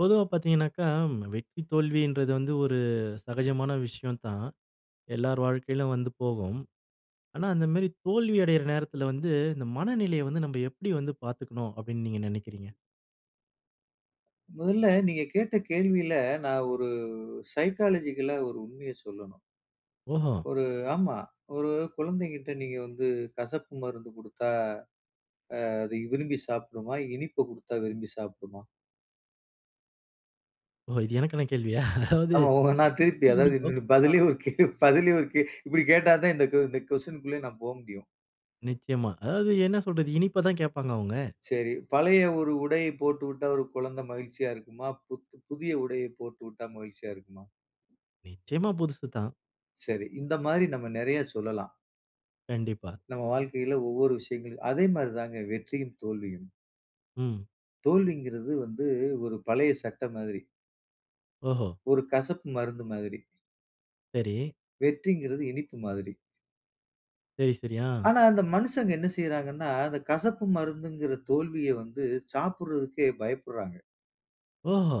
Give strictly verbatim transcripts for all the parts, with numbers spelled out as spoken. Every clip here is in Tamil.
பொதுவா பார்த்தீங்கனாக்க, வெற்றி தோல்வி என்றது வந்து, ஒரு சகஜமான விஷயம் தான். எல்லார் வாழ்க்கையிலும் வந்து போகும். ஆனா, அந்த மாதிரி தோல்வி அடைகிற நேரத்தில வந்து, இந்த மனநிலையை வந்து நம்ப எப்படி வந்து பார்த்துக்கனும் அப்டின்னு நீங்க நெனைக்கிறீங்க? முதல்ல, நீங்க கேட்ட கேள்வியில, நான் ஒரு சைக்காலஜிக்கலா ஒரு உண்மையை சொல்லணும். ஓஹோ! ஒரு ஆமா, ஒரு குழந்தைங்கிட்ட நீங்க வந்து, கசப்பு மருந்து குடுத்தா, ஆ அது விரும்பி சாப்பிடுமா? இனிப்ப குடுத்தா விரும்பி சாப்பிடுமா? ஓ! இது எனக்கான கேள்வியா? அதாவது ஆமா, [unintelligible] நான் [unintelligible] திருப்பி தான் அதாவது பிடிக்கும் [unintelligible] பதிலே அஹ். ஒரு கேள்வி பதிலே ஒரு கே இப்படி கேட்டாதான் இந்த கோ இந்த கொஸ்டின்க்குள்ளயே நான் போ முடியும். நிச்சயமா, அதாவது என்ன சொல்றது, இனிப்ப தான் கேப்பாங்க அவங்க. சரி, பழைய ஒரு உடைய போட்டுவிட்டா ஒரு குழந்தை மகிழ்ச்சியா இருக்குமா? புத் புதிய உடையை போட்டு விட்டா மகிழ்ச்சியா இருக்குமா? நிச்சயமா, புதுசுதான். சரி. இந்த மாரி நம்ம நெறைய சொல்லலாம். கண்டிப்பா. நம்ம வாழ்க்கையில ஒவ்வொரு விஷயங்களையும் அதே மாரி தாங்க, வெற்றியும் தோல்வியும். ம். தோல்விங்கிறது வந்து, ஒரு பழைய சட்ட மாதிரி. ஓஹோ! ஒரு கசப்பு மருந்து மாதிரி. சரி. வெற்றிங்கிறது இனிப்பு மாதிரி. சரி, சரி. ஆ. ஆனா, அந்த மனுஷங்க என்ன செய்றாங்கன்னா, அந்த கசப்பு மருந்துங்கிற தோல்விய வந்து சாப்பிடுறதுக்கே பயப்புட்றாங்க. ஓஹோ!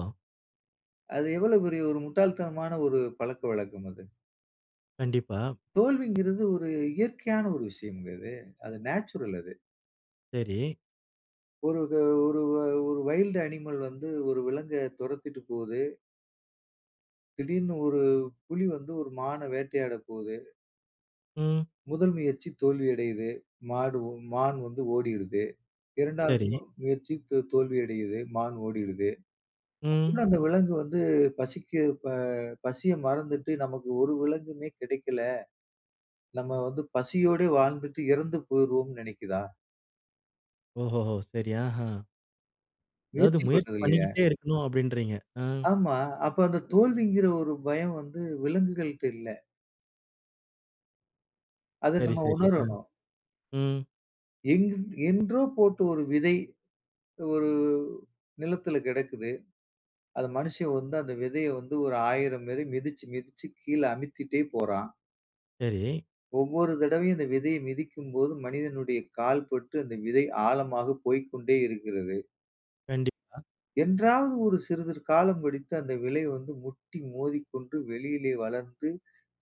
அது எவ்வளவு பெரிய ஒரு முட்டாள் தனமான ஒரு பழக்க வழக்கம் அது. கண்டிப்பா. தோல்விங்கிறது ஒரு இயற்கையான ஒரு விஷயம்ங்க அது. அது நேச்சுரல் அது. சரி. ஒரு து ஒரு வ ஒரு வைல்டு அனிமல் வந்து ஒரு விலங்க துரத்திட்டு போது. திடீர்ன்னு ஒரு புலி வந்து ஒரு மான வேட்டையாட போது. ம். முதல் முயற்சி தோல்வி அடையுது. மாடு, உம் மான் வந்து ஓடிறுது. இரண்டாவது மொ சரி. முயற்சி தோ தோல்வி அடையுது. மான் ஓடிடுது. அப்புட்ன்னா அந்த ம். விலங்கு வந்து பசிக்கு ப பசிய மறந்துட்டு நமக்கு ஒரு விலங்குமே கிடைக்கல. நம்ம வந்து பசியோடே வாழ்ந்துட்டு இறந்து போயிருவோம்ன்னு நினைக்கிதா? ஓஹோ! ஹோ! சரி. ஆஹா. அதாவது முயற்சி முயற்சி பண்ணுது இல்லயா! பண்ணிக்கிட்டே இருக்கணும் அப்பிடின்றீங்க. ஆ. ஆமா. அப்ப அந்த தோல்விங்கிற ஒரு பயம் வந்து விலங்குகள்ட்ட இல்ல. அத சரி நம்ம சரி. ஆ, உணரணும். ம். எங் என்றோ போட்ட ஒரு விதை, ஒரு நிலத்துல கிடக்குது. அத மனிஷன் வந்து அந்த விதையை வந்து ஒரு ஆயிரம் மெரி மிதிச்சு மிதிச்சு கீழே அமுத்திட்டே போறான். சரி. ஒவ்வொரு தடவையும் அந்த விதையை மிதிக்கும் போது மனிதனுடைய கால் பட்டு அந்த விதை ஆழமாக போய்க்கொண்டே இருக்கிறது. கண்டிப்பா. என்றாவது ஒரு சிறிதுரு காலம் கழித்து அந்த விலை வந்து, முட்டி மோதிக்கொண்டு வெளியிலே வளர்ந்து,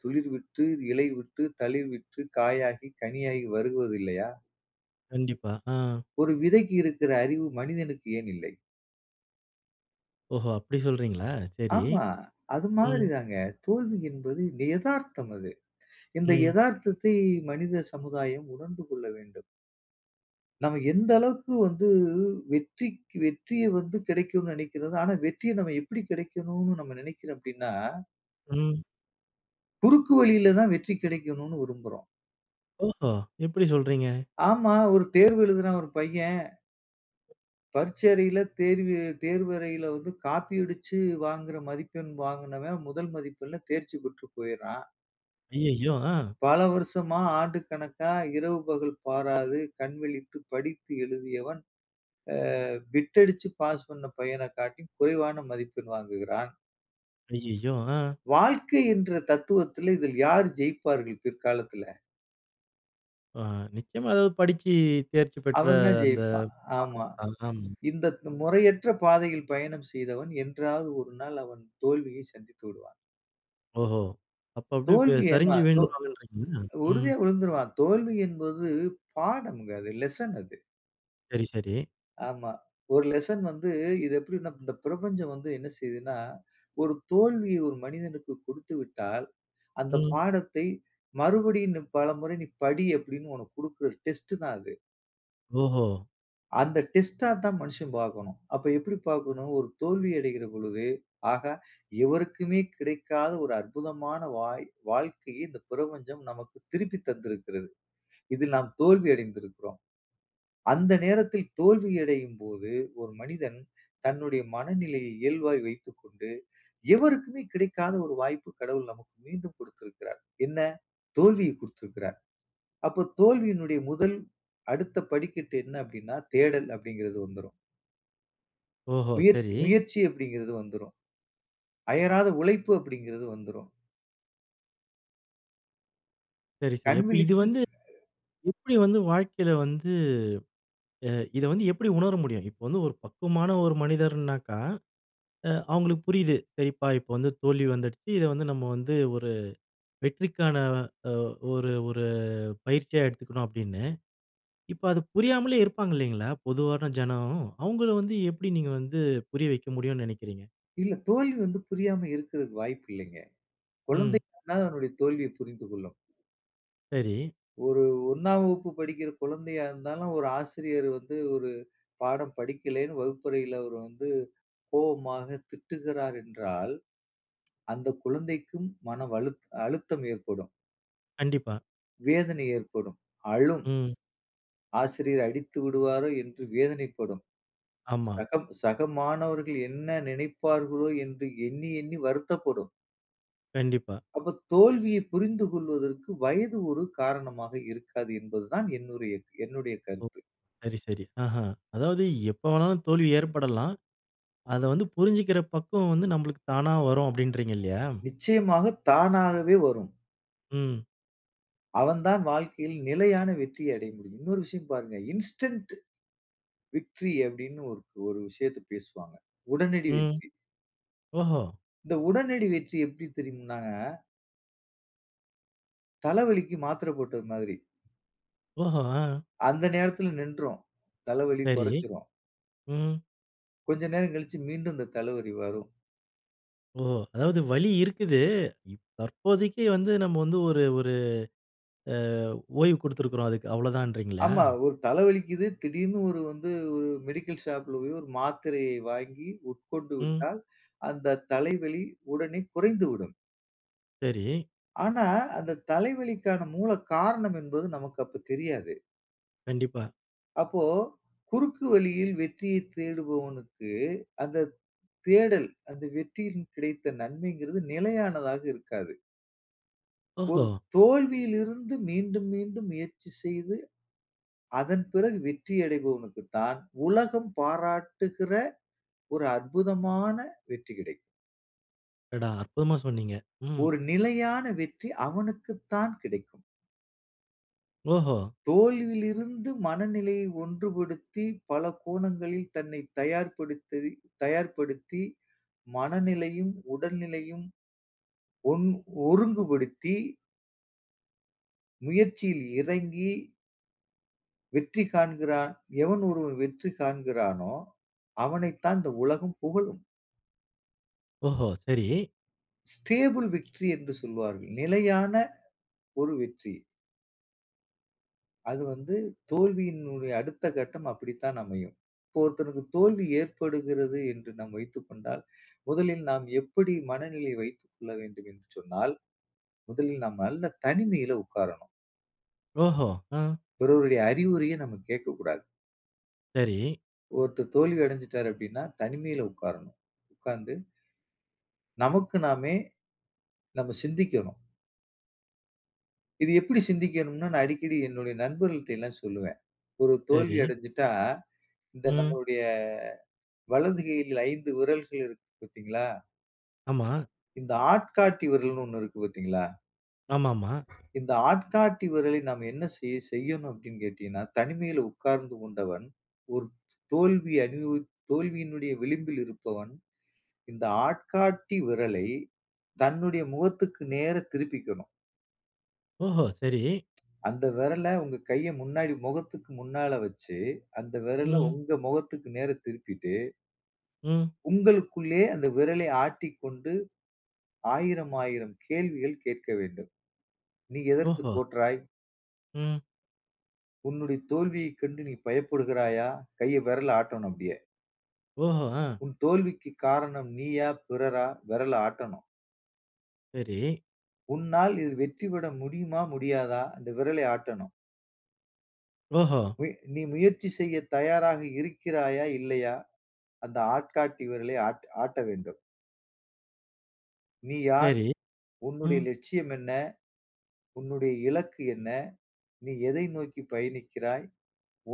துளிர் விட்டு, இலை விட்டு, தளிர் விட்டு காயாகி கனியாகி வருவது இல்லையா! கண்டிப்பா, ஆ. ஒரு விதைக்கு இருக்கிற அறிவு மனிதனுக்கு ஏன் இல்லை? ஓஹோ, அப்படி சொல்றீங்களா. சரி, ஆமா, அது ம். மாதிரிதாங்க, தோல்வி என்பது எதார்த்தம் அது. இந்த ம். எதார்த்தத்தை மனித சமுதாயம் உணர்ந்து கொள்ள வேண்டும். நம்ப எந்த அளவுக்கு வந்து, வெற்றிக் வெற்றிய வந்து கிடைக்கும்னு நினைக்கிறது, ஆனா வெற்றிய நம்ம எப்படி கிடைக்கணும்னு நம்ப நினைக்கிறோம் அப்படினா ம். குறுக்கு வழியில தான் வெற்றி கிடைக்கணும்னு விரும்புறோம். ஓஹோ! எப்படி சொல்றீங்க? ஆமா. ஒரு தேர்வு எழுதுறான் ஒரு பையன்! பரீட்சை அறையில தேர்வி தேர்வு தேர்வறையில வந்து காப்பி அடிச்சு வாங்குற மதிப்பெண் வாங்கினவன் முதல் மதிப்பெண்ல தேர்ச்சி பெற்று போயிர்றான். அய்யய்யோ! ஆ. பல வருஷமா, ஆண்டு கணக்கா இரவு பகல் பாராது கண்விழித்து படித்து எழுதியவன் அ பிட் அடிச்சு பாஸ் பண்ண பையன காட்டியும் குறைவான மதிப்பெண் வாங்குகிறான். அய்யய்யோ! ஆ. வாழ்க்கை என்ற தத்துவத்தில, இதில் யார் ஜெயிப்பார்கள் பிற்காலத்தில? ஓ ஆஹ், நிச்சயமா அதாவது படித்து தேர்ச்சி பெற்ற அவன்தான் அந்த ஜெயிப்பான் ஆமா. மாணவன் தான் ஆமா. இந்த து முறையற்ற பாதையில் பயணம் செய்தவன் என்றாவது ஒரு நாள், அவன் தோல்விய சந்தித்து விடுவான். ஓஹோ! அப்ப அப்பிடியே ப தோல்வி ஏம்மா, சரிஞ்சு தோ விழுந்துருவாங்க இன்றீங்களா? ம். உறுதியா விழுந்துருவான். தோல்வி என்பது பாடம்ங்க அது. லெசன் அது. சரி, சரி. ஆமா. ஒரு லெசன் வந்து இது எப்படின்னா இந்த பிரபஞ்சம் வந்து என்ன செய்யுதுன்னா, ஒரு தோல்விய ஒரு மனிதனுக்கு குடுத்துவிட்டால், "அந்த ம். பாடத்தை மறுபடியும் பலமுறை நீ படி" அப்பிடின்னு உனக்கு குடுக்கிற டெஸ்ட் தான் அது. ஓஹோ! அந்த டெஸ்ட்டா தான் மனிஷன் பார்க்கணும். அப்ப எப்பிடி பார்க்கணும்? ஒரு தோல்வி அடைகிறபொழுது, ஆஹா! எவருக்குமே கிடைக்காத ஒரு அற்புதமான வாய் வாழ்க்கையை இந்த பிரபஞ்சம் நமக்கு திருப்பி தந்திருக்கிறது. இதில் நாம் தோல்வி அடைந்திருக்கிறோம். அந்த நேரத்தில் தோல்வியடையும் போது, ஒரு மனிதன் தன்னுடைய மனநிலையை இயல்பாய் வைத்துக்கொண்டு, எவருக்குமே கிடைக்காத ஒரு வாய்ப்பு, கடவுள் நமக்கு மீண்டும் குடுத்திருக்கிறார். என்ன? தோல்விய குடுத்திருக்கிறார். அப்போ தோல்வியினுடைய முதல் அடுத்த படிக்கட்டு என்ன? அப்பிடின்னா, தேடல் அப்பிடிங்கிறது வந்துரும். ஓஹோ! முயற்சி சரி. முயற்சி அப்பிடிங்கிறது வந்துரும். அயராத உழைப்பு அப்பிடிங்கிறது வந்துரும். சரி, சரி. கண் அப்ப இது விழித்து வந்து, எப்பிடி வந்து, வாழ்க்கையில வந்து, அ இத வந்து எப்பிடி உணர முடியும்? இப்ப வந்து, ஒரு பக்குவமான ஒரு மனிதருனாக்கா! அ அவுங்களுக்கு புரியுது. சரிப்பா! இப்ப வந்து தோல்வி வந்துடுச்சு. இத வந்து, நம்ம வந்து ஒரு வெற்றிக்கான அ ஒரு ஒரு பயிற்சியா எடுத்துக்கணும், அப்பிடின்னு. இப்ப, அது புரியாமலே இருப்பாங்க. இல்லேங்களா! பொதுவான ஜனம். அவங்கள வந்து எப்பிடி நீங்க வந்து புரிய வைக்க முடியுன்னு நினைக்கிறீங்க? இல்ல. தோல்வி வந்து புரியாம இருக்கிறதுக்கு வாய்ப்பு இல்லேங்க. ம். குழந்தைகூன அதனுடைய தோல்வியை புரிந்து கொள்ளும். சரி. ஒரு ஒண்ணாம் வகுப்பு படிக்கிற குழந்தையா இருந்தாலும், ஒரு ஆசிரியர் வந்து ஒரு பாடம் படிக்கலன்னு வகுப்பறையில அவரு வந்து கோவமாக திட்டுகிறார் என்றால், அந்த குழந்தைக்கும் மனவழுத் அழுத்தம் ஏற்படும். கண்டிப்பா. வேதனை ஏற்படும். அழும். ம். "ஆசிரியர் அடித்து விடுவாரோ!" என்று வேதனைப்படும். ஆமா. "சகம் சக மாணவர்கள் என்ன நினைப்பார்களோ!" என்று எண்ணி, எண்ணி வருத்தப்படும். கண்டிப்பா. அப்போ தோல்விய புரிந்து கொள்வதற்கு வயது ஒரு காரணமாக இருக்காது என்பது தான் என்னுருய்ய என்னுடைய ஓ! கருத்து. சரி, சரி ஆஹா! அதாவது, "எப்போ வேணாலும் தோல்வி ஏற்படலாம். அத வந்து புரிஞ்சுக்கிற பக்குவம் வந்து நம்மளுக்கு தானா வரும்." அப்பிடின்றீங்க இல்லயா? நிச்சயமாக தானாகவே வரும். ம். அவன் தான் வாழ்க்கையில் நிலையான வெற்றியை அடைய முடியும். இன்னொரு விஷயம் பாருங்க இன்ஸ்டண்ட் விக்ட்ரி அப்பிடின்னு ஒரு ஒரு விஷயத்த பேசுவாங்க. உடனடி ம். வெற்றி. ஓஹோ! இந்த உடனடி வெற்றி எப்பிடி தெரியும்னாங்க? தலைவலிக்கு மாத்திர போட்டது மாதிரி. ஓஹோ! அ. அந்த நேரத்துல நின்றும். தலவலி சரி. கொறஞ்சுரும். ம். கொஞ்ச நேரம் கழிச்சு, மீண்டும் இந்த தலவரி வரும். ஓ! அதாவது வலி இருக்குது. இப் தற்போதைக்கு வந்து, நம்ம வந்து, ஒரு ஒரு அ ஓய்வு குடுத்திருக்குறோம் அதுக்கு. அவ்வளதான்றீங்கெளா? ஆமா. ஒரு தல வலிக்குது. திடீர்னு ஒரு வந்து, ஒரு மெடிக்கல் ஷாப்ல போய், ஒரு மாத்தரையை வாங்கி உட்கொண்டு ம். விட்டால், அந்த தலைவலி உடனே குறைந்துவிடும். சரி. ஆனா, அந்த தலைவலிக்கான மூல காரணம் என்பது, நமக்கு அப்ப தெரியாது. கண்டிப்பா. அப்போ, குறுக்கு வழியில் வெற்றியை தேடுபவனுக்கு, அந்த தேடல். அந்த வெற்றியில் கிடைத்த நன்மைங்றது நிலையானதாக இருக்காது. ஒரு ஓஹோ! தோல்வியிலிருந்து மீண்டும், மீண்டும் முயற்சி செய்து, அதன் பிறகு வெற்றி அடைபவனுக்கு தான், உலகம் பாராட்டுகிற ஒரு அற்புதமான வெற்றி கிடைக்கும். அடடா! அற்புதமா சொன்னீங்க. ம். ஒரு நிலையான வெற்றி, அவனுக்குத்தான் கிடைக்கும். ஓஹோ! தோல்வியிலிருந்து மனநிலையை ஒன்றுபடுத்தி, பல கோணங்களில் தன்னைத் தயார்படுத்ததி தயார்படுத்தி, மனநிலையும், உடல் நிலையும். ஒன் ஒருங்குபடுத்தி. முயற்சியில் இறங்கி வெற்றி காண்கிறான் எவன் ஒருவன் வெற்றி காண்கிறானோ! அவனைத்தான் இந்த உலகம் புகழும். ஓஹோ! சரி. ஸ்டேபிள் விக்ட்டரி என்று சொல்வார்கள். நிலையான ஒரு வெற்றி. அது வந்து தோல்வியினுடைய அடுத்த கட்டம் அப்படித்தான் அமையும். இப்போ ஒருத்தனுக்கு தோல்வி ஏற்படுகிறது என்று நாம் வைத்துக்கொண்டால், முதலில் நாம் எப்படி மனநிலையை வைத்துக் கொள்ள வேண்டும் என்று சொன்னால், முதலில் நாம் நல்ல தனிமையில உட்காரணும். ஓஹோ! ஆ. பிறருடைய அறிவுரைய நம்ம கேட்கக்கூடாது. சரி. ஒருத்தர் தோல்வி அடஞ்சிட்டாரு அப்பிடின்னா, தனிமையில உட்காரணும் உட்கார்ந்து நமக்கு நாமே நம்ம சிந்திக்கணும். இது எப்பிடி சிந்திக்கணும்ன்னா, நான் அடிக்கடி என்னுடைய நண்பர்கள்ட எல்லாம் சொல்லுவேன். ஒரு தோல்வி சரி. அடஞ்சிட்டா, இந்த ம். நம்முடைய வலது கையில் ஐந்து விரல்கள் இருக்கு பார்த்தீங்களா? ஆமா. இந்த ஆட்காட்டி விரல்ன்னு ஒண்ணு இருக்கு, பார்த்தீங்களா? ஆமாமா. இந்த ஆட்காட்டி விரலை நாம் என்ன செய செய்யணும் அப்பிடின்னு கேட்டீங்கன்னா, தனிமையில உட்கார்ந்து கொண்டவன் ஒரு தோல்வி அனுபவித் தோல்வியினுடைய விளிம்பில் இருப்பவன். இந்த ஆட்காட்டி விரலை தன்னுடைய முகத்திற்கு நேரா திருப்பிக்கணும். ஓஹோ! சரி. அந்த விரல உங்க கையை முன்னாடி முகத்துக்கு முன்னால வச்சு, அந்த விரல ம். உங்க முகத்துக்கு நேர திருப்பிட்டு ம். உங்களுக்குள்ளே அந்த விரலை ஆட்டிக்கொண்டு, ஆயிரமாயிரம் கேள்விகள் கேட்க வேண்டும். "நீ எதற்குத் ஓஹோ. தோற்றாய்?" ம். "உன்னுடைய தோல்வியைக் கண்டு நீ பயப்படுகிறாயா?" கைய விரல ஆட்டணும். அப்பிடியே. ஓஹோ, ஆ. "உன் தோல்விக்குக் காரணம் நீயா! பிறரா?" விரல ஆட்டணும். சரி. "உன்னால் இது வெற்றி பெற முடியுமா? முடியாதா?" அந்த விரலை ஆட்டணும். ஓஹோ. "ஒய். நீ முயற்சி செய்ய தயாராக இருக்கிறாயா, இல்லையா?" அந்த ஆட்காட்டி விரலை ஆட் ஆட்ட வேண்டும். "நீ யார்? சரி, உன்னுடைய ம். லட்சியம் என்ன? உன்னுடைய இலக்கு என்ன? நீ எதை நோக்கி பயணிக்கிறாய்?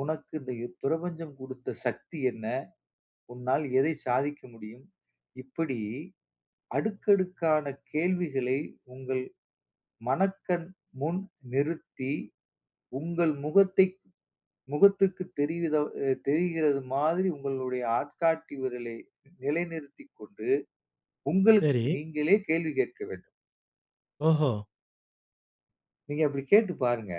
உனக்கு இந்த யுப் பிரபஞ்சம் கொடுத்த சக்தி என்ன? உன்னால் எதை சாதிக்க முடியும்?" இப்பிடி அடுக்கடுக்கான கேள்விகளை உங்கள் மனக்கண் முன் நிறுத்தி உங்கள் முகத்தை முகத்துக்கு தெரியுதோ, அ தெரிகிறதுமாதிரி உங்களுடைய ஆட்காட்டி விரலை நிலைநிறுத்திக்கொண்டு, உங்களுக்கு சரி. நீங்களே கேள்வி கேட்க வேண்டும். ஓஹோ! நீங்க அப்டி கேட்டு பாருங்க.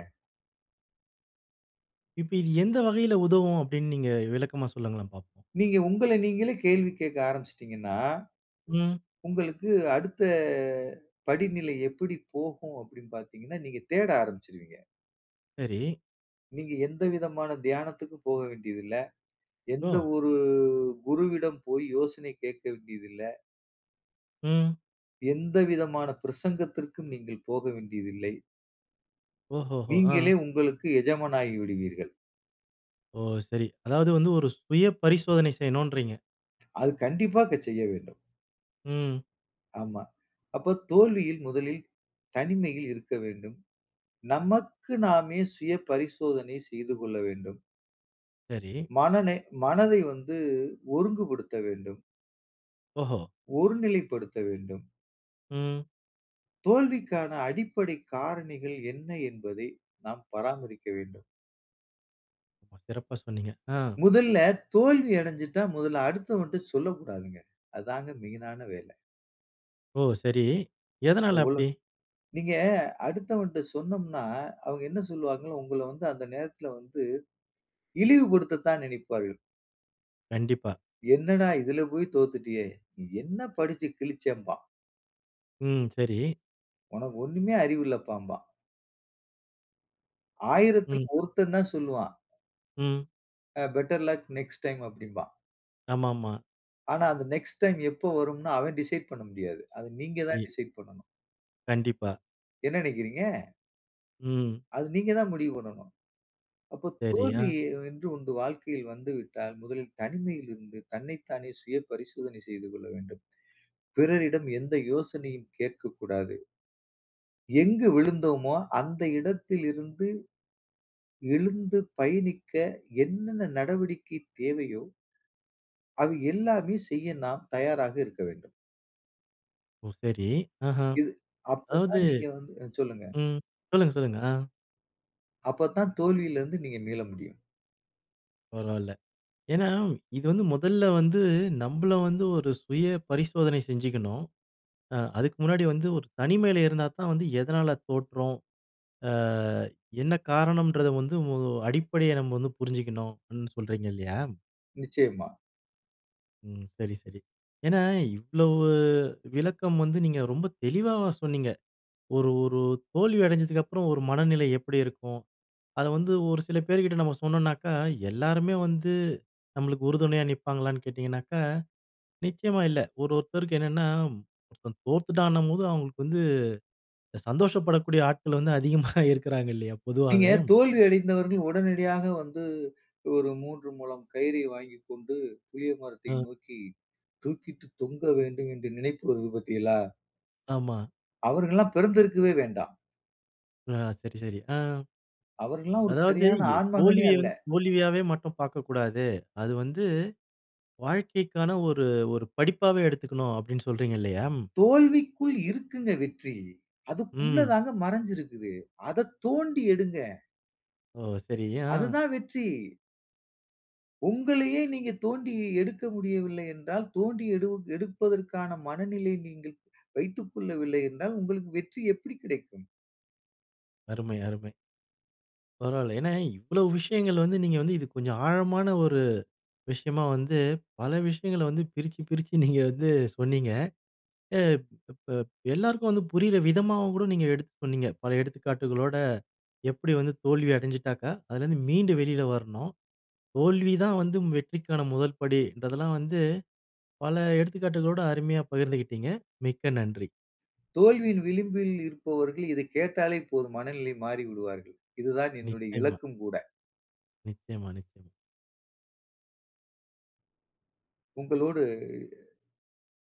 இப்ப இது எந்த வகையில உதவும்? அப்படினு நீங்க விளக்கமா சொல்லுங்களேன் பார்ப்போம். நீங்க உங்கள நீங்களே கேள்வி கேக்க ஆரம்பிச்சிட்டீங்கன்னா, ம். உங்களுக்கு அடுத்த படிநிலை எப்படி போகும் அப்படினு பார்த்தீங்கன்னா, நீங்க தேட ஆரம்பிச்சுருவீங்க. சரி. நீங்க எந்தவிதமான தியானத்துக்கும் போக வேண்டியதுல்ல. எந்த ஓ! ஒரு குருவிடம் போய் யோசனை கேட்க வேண்டியதில்ல. ம். எந்த விதமான பிரசங்கத்திற்கும் நீங்கள் போக வேண்டியதில்லை. ஓஹோஹோ! நீங்களே அ. உங்களுக்கு எஜமானாகிவிடுவீர்கள். ஓ! சரி. அதாவது வந்து ஒரு சுய பரிசோதனை செய்யணுன்றீங்க. அது கண்டிப்பாக செய்ய வேண்டும். ம். ஆமா. அப்ப தோல்வியில் முதலில் தனிமையில் இருக்க வேண்டும். நமக்கு நாமே சுய பரிசோதனை செய்து கொள்ள வேண்டும். சரி. மனனை மனதை வந்து ஒருங்குபடுத்த வேண்டும். ஓஹோ! ஒரு நிலைப்படுத்த வேண்டும். ம். தோல்விக்கான அடிப்படை காரணிகள் என்ன என்பதை நாம் பராமரிக்க வேண்டும். சிறப்பா சொன்னீங்க. ஆ. முதல்ல தோல்வி அடஞ்சுட்டா, முதல்ல அடுத்தவன்ட சொல்லக்கூடாதுங்க. அதாங்க மெயினான வேல. ஓ! சரி எதனால அப்டி? [unintelligible] நீங்க அடுத்தவன்ட சொன்னோம்னா, அவங்க என்ன சொல்வாங்க, உங்கள வந்து அந்த நேரத்தில வந்து இழிவுபடுத்த தான் நினைப்பார்கள். கண்டிப்பா. என்னடா இதுல போய் தோத்துட்டியே. நீ என்ன படிச்சு கிழிச்சேன்பா. ம் சரி. உனக்கு ஒண்ணுமே அறிவு இல்லப்பான்பா. ஆயிரத்தில ம். ஒருத்தன் தான் சொல்லுவான். ம். Ah better luck next time அப்டின்பா. ஆமாமா. ஆனா, அந்த நெக்ஸ்ட் டைம் எப்ப வரும்னு அவன் டிசைய்ட் பண்ண முடியாது. அத நீங்க தான் ஏ. டிசைய்ட் பண்ணணும். கண்டிப்பா. என்ன நினைக்கிறீங்க? ம். அது நீங்க தான் முடிவு பண்ணனும். அப்போ தோல்வி சரியா என்று ஒன்டு வாழ்க்கையில் வந்து விட்டால், முதலில் தனிமையில் இருந்து தன்னை தானே சுய பரிசோதனை செய்து கொள்ள வேண்டும். பிறரிடம் எந்த யோசனையும் கேட்கக்கூடாது. எங்கு விழுந்தோமோ, அந்த இடத்திலிருந்து எழுந்து பயணிக்க, என்னென்ன நடவடிக்கை தேவையோ. அவை எல்லாமே செய்ய நாம் தயாராக இருக்க வேண்டும். ஓ! சரி. அஹ்ம். இது, அதாவது அப்போதான் நீங்க வந்து அ சொல்லுங்க. ம். சொல்லுங்க சொல்லுங்க. அ. அப்ப தான் தோல்வியில இருந்து நீங்க மீள முடியும். பரவால்ல. ஏன்னா, இது வந்து மொதல்ல வந்து நம்பள வந்து ஒரு சுய பரிசோதனை செஞ்சுக்கணும். அ, அதுக்கு முன்னாடி வந்து ஒரு தனிமையில இருந்தா தான் வந்து, "எதனால தோற்றோம்? ஆ, என்ன காரணம்ன்றத வந்து ஒ அடிப்படைய நம்ப வந்து புரிஞ்சுக்கணும்னு" இந் சொல்றீங்க இல்லையா? நிச்சயமா. ம். செரி செரி. ஏன்னா, இவ்ளோவு விளக்கம் வந்து நீங்க ரொம்ப தெளிவாவா சொன்னீங்க. ஒரு ஒரு தோல்வி அடைஞ்சதுக்கப்பறம் ஒரு மனநிலை எப்படி இருக்கும். அத வந்து ஒரு சில பேர்கிட்ட நம்ம சொன்னோம்னாக்கா எல்லோருமே வந்து, நம்மளுக்கு உறுதுணையா நிப்பாங்களான்னு கேட்டீங்கன்னாக்கா, நிச்சயமா இல்ல. ஒரு ஒருத்தருக்கு என்னென்னா ஒருத்தன் தோத்துட்டான்னும்போது அவுங்களுக்கு வந்து, சந்தோஷப்படக்கூடிய ஆட்கள் வந்து அதிகமா இருக்குறாங்கல்லையா நீங்க, பொதுவாவே. தோல்வி அடைந்தவர்கள் உடனடியாக வந்து, ஒரு மூன்று மூலம் கயிறை வாங்கிக்கொண்டு புளிய மரத்தை அ. நோக்கி, தூக்கிட்டு தொங்க வேண்டும் என்று நினைப்பு வருது பாத்தீகளா? ஆமா. அவர்கள்லாம் பிறந்திருக்கவே வேண்டாம். [unintelligible] சரி சரி. ஆம். அவர்கல்லாம் ஒரு "அதாவது சரியான எ ஆண்மகனே தோல்விய அல்ல. வந்து, தோல்வியாவே மட்டும் பாக்கக்கூடாது. அது வந்து வாழ்க்கைக்கான ஒரு ஒரு படிப்பாவே எடுத்துக்கனும்" அப்டின்னு சொல்றீங்க இல்லையா! தோல்விக்குள் இருக்குங்க வெற்றி. அதுக்குள்ள ம். தாங்க மறஞ்சுருக்குது. அதத் தோண்டி எடுங்க. ஓ! சரி, யா அ. அதுதான் வெற்றி! உங்களையே நீங்க தோண்டி எடுக்க முடியவில்லை என்றால், தோண்டி எடு எடுப்பதற்கான மனநிலை நீங்கள் வைத்துக்கொள்ளவில்லை என்றால், உங்களுக்கு வெற்றி எப்படி கிடைக்கும்? அருமை அருமை. பரவால. ஏன்னா, இவ்வளோ விஷயங்கள் வந்து நீங்க வந்து இது கொஞ்சம் ஆழமான ஒரு விஷயமா வந்து, பல விஷயங்கள வந்து பிரிச்சு பிரிச்சு நீங்க வந்து சொன்னீங்க. ஆ இப்ப ப எல்லாருக்கும் வந்து புரியிற விதமாவும் கூட நீங்க எடுத்து சொன்னீங்க. பல எடுத்துக்காட்டுகளோட எப்படி வந்து தோல்வி அடைஞ்சிட்டாக்கா, அதுலருந்து மீண்டு வெளில வரணும். தோல்விதான் வந்து வெற்றிக்கான முதல்படி இன்றதெல்லாம் வந்து, பல எடுத்துக்காட்டுகளோட அருமையா பகிர்ந்துகிட்டீங்க மிக்க நன்றி. தோல்வியின் விளிம்பில் இருப்பவர்கள், இதை கேட்டாலே போதும். மனநிலை மாறிவிடுவார்கள். இதுதான் என்னுடைய நிச்சயமா. இலக்கும் கூட. நிச்சயமா நிச்சயமா. உங்களோடு